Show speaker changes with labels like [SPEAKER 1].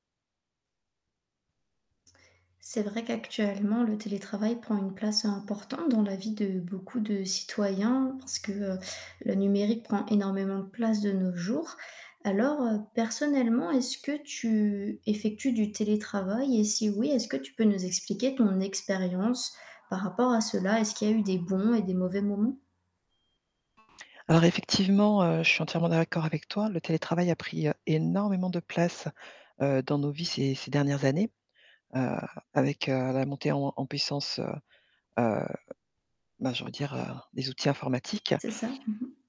[SPEAKER 1] C'est vrai qu'actuellement le télétravail prend une place importante dans la vie de beaucoup de citoyens, parce que, heu, le numérique prend énormément de place de nos jours. Alors, heu, personnellement, est ce que tu effectues du télétravail et si oui, est-ce que tu peux nous expliquer ton expérience par rapport à cela? Est-ce qu'il y eu des bons et des mauvais moments?
[SPEAKER 2] Alors effectivement, heu, je suis entièrement d'accord avec toi. Le télétravail a pris, heu, énormément de place, heu, dans nos vies ces ces dernières années, heu, avec, heu, la montée en en puissance, heu heu, ben, j'ai envie de dire, heu, des outils informatiques.
[SPEAKER 1] C'est ça. Mmh mh.